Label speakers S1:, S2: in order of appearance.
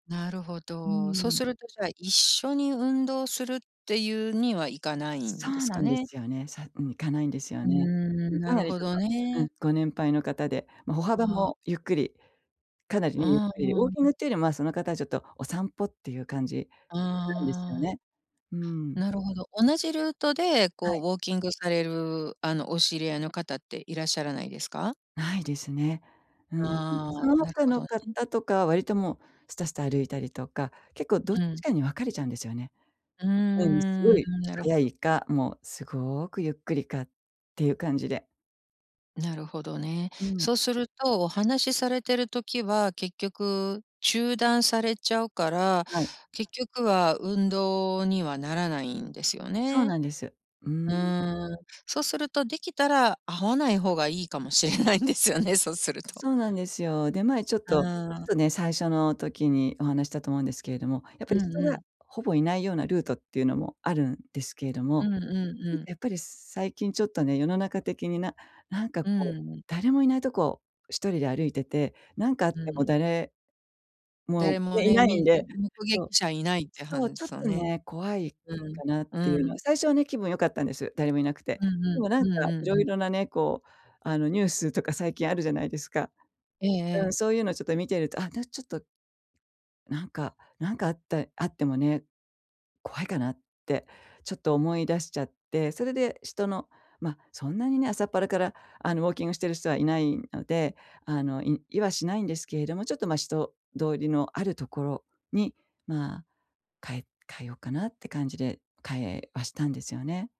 S1: なるほ
S2: う
S1: ど、そう
S2: ん。
S1: すると、じゃあ、一緒に運動するっていうにはいかない
S2: そ
S1: んで
S2: う
S1: す
S2: な
S1: か
S2: んで
S1: ね。
S2: すよね。最近行かないんですよ
S1: うー
S2: ね。うん、
S1: ん、な
S2: か
S1: る
S2: なり
S1: ほ
S2: ちょっ
S1: ど
S2: と、う
S1: ね。
S2: ん、ご年配の方で、ま、歩
S1: ま
S2: 幅
S1: あ。
S2: もゆっくり、かなりね、
S1: う
S2: ゆっ
S1: んうん
S2: くり、ウォーキン
S1: う
S2: グ
S1: ん。
S2: っていうよりも、ま、その方はちょっとお散歩っていう感じなんですよ
S1: ああ。
S2: ね。うん。
S1: なるほど、同じルートで
S2: は
S1: こう
S2: い。
S1: ウォーキングされる、あの、お知り合いの方っていらっしゃらないですか？
S2: ないですね。うん。
S1: ああ、
S2: その
S1: なる
S2: 他
S1: ほ
S2: の
S1: どね。
S2: 方とか、割ともう、スタスタ歩いたりとか、結構どっ
S1: う
S2: ち
S1: ん。
S2: かに分かれちゃうんですよね。
S1: うー
S2: うん、すご
S1: ん、
S2: い
S1: なるほ
S2: 速
S1: ど。
S2: いか、もうすごくゆっくりかっていう感じで。
S1: なるほどね。
S2: うん。
S1: そうすると、お話されてる時は結局中断されちゃうから、
S2: はい。
S1: 結局は運動にはならないんですよ
S2: そう
S1: ね。
S2: なんです。うー
S1: う
S2: ん。
S1: ーん、そうするとできたら、会わない方がいいかもしれないんですよね。そうすると。
S2: そうなんですよ。で、前ちょっ
S1: う
S2: と
S1: ー
S2: ちょっ
S1: ん。
S2: とね、最初の時にお話したと思うんですけれども、やっぱ
S1: う
S2: り
S1: ん
S2: 人
S1: う
S2: が
S1: ん。
S2: ほぼいないようなルートっていうのもあるんですけれども、
S1: うんうんう
S2: なんか、
S1: ん。
S2: やっぱり最近ちょっとね、世の中的にななんか、
S1: う
S2: こう、
S1: ん。
S2: 誰もいないとこ、1人で歩いてて、なんか、あっ
S1: う
S2: ても
S1: ん。
S2: 誰、も、
S1: 誰も
S2: ね、い
S1: ね、
S2: ない
S1: み
S2: ん
S1: ん
S2: で
S1: [unintelligible] 目
S2: そう、
S1: 撃者いないっては
S2: そう、
S1: ん
S2: ちょっ
S1: すよ
S2: と
S1: ね。
S2: ね、怖い
S1: うん、
S2: かなってい
S1: う
S2: うの
S1: ん。
S2: は、最初はね、気分良かったんです。誰もいなくて。
S1: うんう
S2: で
S1: ん、
S2: も、なん
S1: うん
S2: か、
S1: う
S2: い
S1: ん
S2: ろ
S1: うん。
S2: いろなね、こう、あの、ニュースとか最近あるじゃないですか。
S1: ええ
S2: う
S1: ええ。
S2: ん、そういうのちょっと見てると、ああたしちょっとなんか、なんか、あったあってもね、怖いかなってちょっと思いだしちゃって、それで人の、ま、そんなにね、朝っぱらから、あの、ウォーキングしてる人はいないので、あの、いいはしないんですけれども、ちょっと、ま、人通りのあるところに、ま、変え変えよっかなって感じで、変えはしたんですよね。